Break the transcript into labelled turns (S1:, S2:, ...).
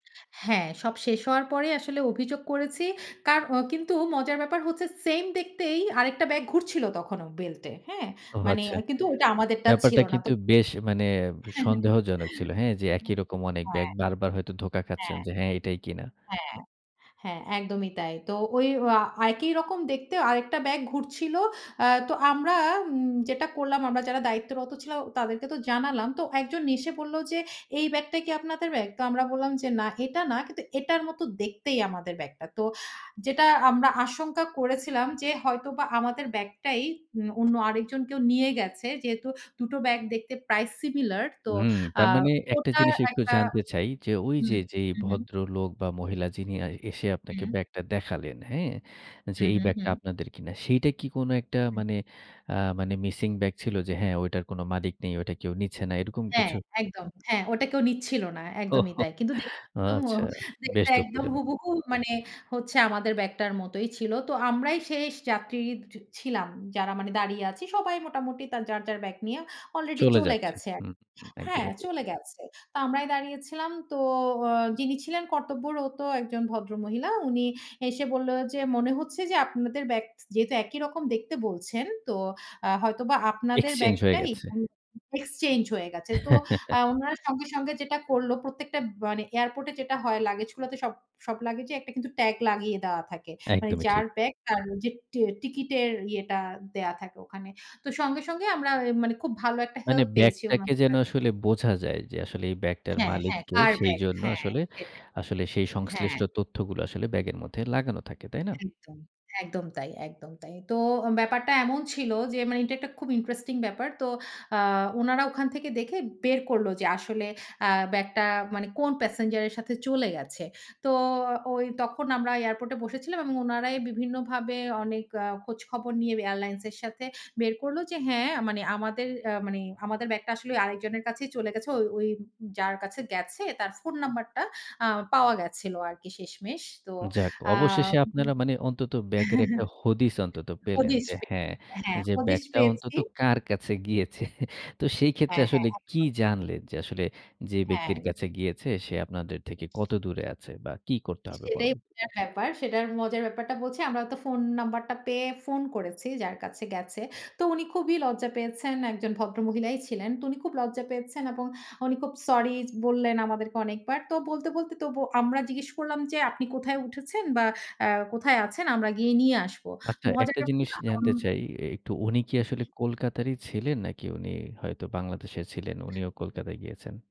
S1: হ্যাঁ, সব শেষ হওয়ার পরেই আসলে অভিযোগ করেছি। কার কিন্তু মজার ব্যাপার হচ্ছে সেম দেখতেই আরেকটা ব্যাগ ঘুরছিল তখনো বেল্ট এ, হ্যাঁ?
S2: ও
S1: মানে
S2: আচ্ছা।
S1: কিন্তু ওটা আমাদেরটা
S2: ব্যাপারটা
S1: ছিল না। তো
S2: কিন্তু বেশ মানে সন্দেহজনক ছিল, হ্যাঁ, যে একই
S1: উম
S2: রকম অনেক ব্যাগ
S1: হ্যাঁ।
S2: বারবার হয়তো ধোঁকা খাচ্ছেন
S1: হ্যাঁ।
S2: যে, হ্যাঁ, এটাই কিনা।
S1: হ্যাঁ, হ্যাঁ, একদমই তাই। তো ওই আ একই রকম দেখতে আরেকটা ব্যাগ ঘুরছিল। অ্যা তো আমরা উম যেটা করলাম আমরা যারা দায়িত্বরত ছিলাম তাদেরকে তো জানালাম। তো একজন এসে বলল যে, "এই ব্যাগটা কি আপনাদের ব্যাগ?" তো আমরা বললাম যে, "না এটা না, কিন্তু এটার মতো দেখতেই আমাদের ব্যাগটা।" তো যেটা আমরা আশঙ্কা করেছিলাম যে হয়তোবা আমাদের ব্যাগটাই উম অন্য আরেকজন কেউ নিয়ে গেছে। যেহেতু দুটো ব্যাগ দেখতে প্রায় সিমিলার, তো
S2: হুম।
S1: আ
S2: তার মানে একটা
S1: ওটা
S2: জিনিস একটু
S1: একটা
S2: জানতে চাই যে, ওই যে
S1: হুম,
S2: যেই
S1: হু, হুম।
S2: ভদ্রলোক বা মহিলা যিনি এসে আপনাকে
S1: হুম।
S2: ব্যাগটা দেখালেন, হ্যাঁ? যে
S1: হুম,
S2: এই
S1: হুম,
S2: ব্যাগটা
S1: হুম।
S2: আপনাদের কিনা সেইটা কি কোন একটা
S1: হুম।
S2: মানে আ মানে মিসিং ব্যাগ ছিল যে, হ্যাঁ, ঐটার কোন মালিক নেই, ওটা কেউ নিচ্ছে না, এরকম
S1: হ্যাঁ,
S2: কিছু?
S1: একদম। হ্যাঁ, ওটা কেউ নিচ্ছিল না। একদমই
S2: ওহো!
S1: তাই। কিন্তু দেখতে
S2: আচ্ছা,
S1: [unintelligible] দেখতে
S2: বেশ
S1: একদম
S2: দুঃখজনক।
S1: হুবুহু মানে হচ্ছে আমাদের ব্যাগটার মতোই ছিল। তো আমরাই শেষ যাত্রী ছিলাম। যারা মানে দাঁড়িয়ে আছি সবাই মোটামুটি যার, যার ব্যাগ নিয়ে আলরেডি
S2: চলে
S1: চলে
S2: যাচ্ছে।
S1: গেছে।
S2: হু, হু।
S1: হ্যাঁ,
S2: একদমই ঠিক।
S1: চলে গেছে। তো আমরাই দাঁড়িয়েছিলাম। তো আ যিনি ছিলেন কর্তব্যরত একজন ভদ্র মহিলা। উনি এসে বলল যে, "মনে হচ্ছে যে আপনাদের ব্যাগ যেহেতু একই রকম দেখতে বলছেন, তো আ হয়তোবা আপনাদের
S2: এক্সচেঞ্জ হয়ে
S1: ব্যাগটাই
S2: গেছে।
S1: এক্সচেঞ্জ হয়ে গেছে।" তো আ ওনারা সঙ্গে, সঙ্গে যেটা করলো প্রত্যেকটা মানে এয়ারপোর্ট এ যেটা হয় লাগেজ গুলোতে সব লাগেজ এ একটা কিন্তু ট্যাগ লাগিয়ে দেওয়া থাকে। মানে
S2: একদমই ঠিক।
S1: যার ব্যাগ তার ওই যে টি টিকেটের ইয়েটা দেওয়া থাকে ওখানে। তো সঙ্গে, সঙ্গে আমরা মানে খুব ভালো একটা
S2: মানে
S1: হেল্প পেয়েছি
S2: ব্যাগটাকে
S1: ওনাদের
S2: যেন
S1: কাছে
S2: আসলে
S1: থেকে।
S2: বোঝা যায় যে, আসলে এই ব্যাগটার
S1: হ্যাঁ,
S2: মালিক
S1: হ্যাঁ।
S2: কে
S1: কার ব্যাগ
S2: সেইজন্য
S1: হ্যাঁ,
S2: আসলে,
S1: সেটাই।
S2: আসলে সেই
S1: হ্যাঁ।
S2: সংশ্লিষ্ট তথ্যগুলো আসলে ব্যাগের মধ্যে লাগানো থাকে, তাই না?
S1: একদম, একদম তাই, একদম তাই। তো ব্যাপারটা এমন ছিল যে মানে এটা একটা খুব ইন্টারেস্টিং ব্যাপার। তো আ উনারা ওখান থেকে দেখে বের করল যে আসলে আ ব্যাগটা মানে কোন প্যাসেঞ্জার এর সাথে চলে গেছে। তো ওই তখন আমরা এয়ারপোর্টে বসেছিলাম এবং ওনারাই বিভিন্নভাবে অনেক আ খোঁজ খবর নিয়ে এয়ারলাইন্স এর সাথে বের করলো যে, হ্যাঁ, মানে আমাদের অ্যা মানে আমাদের ব্যাগটা আসলে আরেকজনের কাছেই চলে গেছে। ওই ওই যার কাছে গেছে তার ফোন নাম্বারটা আ পাওয়া গেছিল আরকি শেষমেশ। তো
S2: যাক
S1: আ
S2: অবশেষে আপনারা মানে অন্তত ব্যাগের একটা হদিস অন্তত পেলেন
S1: হদিস
S2: যে,
S1: পে
S2: হ্যাঁ,
S1: পেয়েছি। হ্যাঁ,
S2: যে
S1: হদিস
S2: ব্যাগটা অন্তত
S1: পেয়েছি।
S2: কার কাছে গিয়েছে। তো সেই ক্ষেত্রে
S1: হ্যাঁ, হ্যাঁ।
S2: আসলে কি
S1: একদম।
S2: জানলেন যে আসলে যে ব্যক্তির
S1: হ্যাঁ।
S2: কাছে গিয়েছে সে আপনাদের থেকে কত দূরে আছে বা কি করতে হবে
S1: সেটাই
S2: পরবর্তীতে?
S1: মজার ব্যাপার। সেটার মজার ব্যাপারটা বলছি। আমরা তো ফোন নাম্বারটা পেয়ে ফোন করেছি যার কাছে গেছে। তো উনি খুবই লজ্জা পেয়েছেন। একজন ভদ্র মহিলাই ছিলেন। তো উনি খুব লজ্জা পেয়েছেন এবং উনি খুব সরি বললেন আমাদেরকে অনেকবার। তো বলতে বলতে তবু আমরা জিজ্ঞেস করলাম যে, "আপনি কোথায় উঠেছেন বা অ্যা কোথায় আছেন? আমরা গিয়ে নিয়ে আসবো।" তো
S2: আচ্ছা, একটা
S1: মজাটা
S2: জিনিস
S1: [unintelligible]
S2: জানতে
S1: হুম,
S2: চাই এ একটু, উনি কি আসলে
S1: হুম।
S2: কলকাতারই ছিলেন? নাকি উনি হয়তো বাংলাদেশে ছিলেন, উনিও কলকাতায় গিয়েছেন?